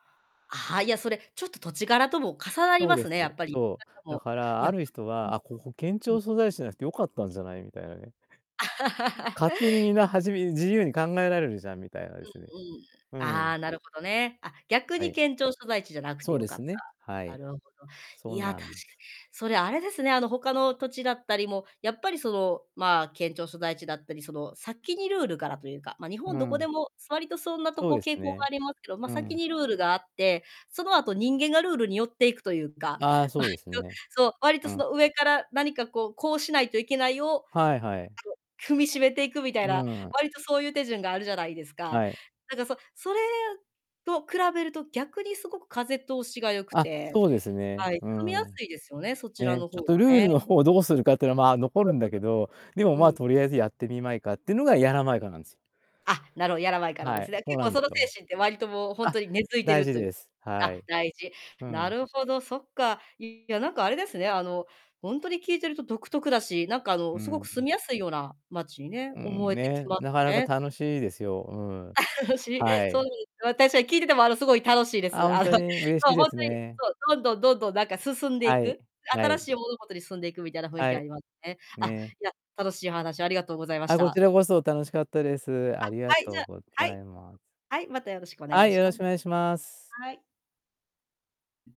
あは、いや、それちょっと土地柄とも重なりそうまですす、ね、やっぱり。そなんか、う、だもう、かいらあや。る人うんは、「あ、ここ、県うん。う庁ん。所在地じゃなくてよかったんじゃない？」みたいなね、あい 勝手にみんな、はじめ自由に考えられるじゃん、みたいなですね。うんうん。うん。ああ、なるほどね。あ、逆はに、い。県庁所在地じゃなくそてう良でかっすね、はた、ない。るほど。そいうや、な確かんに、す。それ、あれですね、あの、他の土地だったりもやっぱり、その、まあ、県庁所在地だったり、その、先にルールからというか、ま、日本うどこん。でも、わりとそんなとそうこです傾向ね、がありますけど、ま、う先ん。にルールがあって、その後人間がルールに寄っていくとゆうか、ああ、わそりうですね。とそう、わりとうそん。の、上から何かこう、こうしないといけないをあの、はいはい。踏みしめていくみたいな、うわん。りとそうゆう手順があるじゃないですか。はい。なんかそ、それと比べると逆にすごく風通しが良くあ、てそうですね、はい、う住みやん。すいですよね、そちらね、のちょ方っがとルールね。の方をどうするかってのは、まあ、残るんだけど、でも、うんうんまうん。あ、うん。とりあえずやってみまいかってのが、やらまいかなんす。あ、なるほど、やらまいか、なんはでい、すね。そう結なん構、でそのすわ。精神ってわりともう、ほんあ、とに根付いて大る事というです。はあ、い。大事。うなん。るほど、そっか。いや、なんかあれですね、あの、ほんとに、聞いてると独特だし、なんか、あうーの、すごくん。住みやすいような町にね、うん、思えてきね、ますなかなかね。楽しいですよ、うん。しい、はそうい。なんです、私は、聞いてても、あの、すごい楽しいであ、す。ほあんの、とそうに？嬉しいでほんすとに、ね。そう、どんどん、どんどん、なんか進んではいい。く。は新しい。い物事に進んでいくみたいな雰囲は気あい。りますね。あ、ね。いや、楽しいお話ありがとうございましあ、こちた。らこそ、楽しかったです。あ、ありがはい、とじうゃ、ごはざい。います。はい、またよろしくお願はいい、しよろましくお願いします。はい。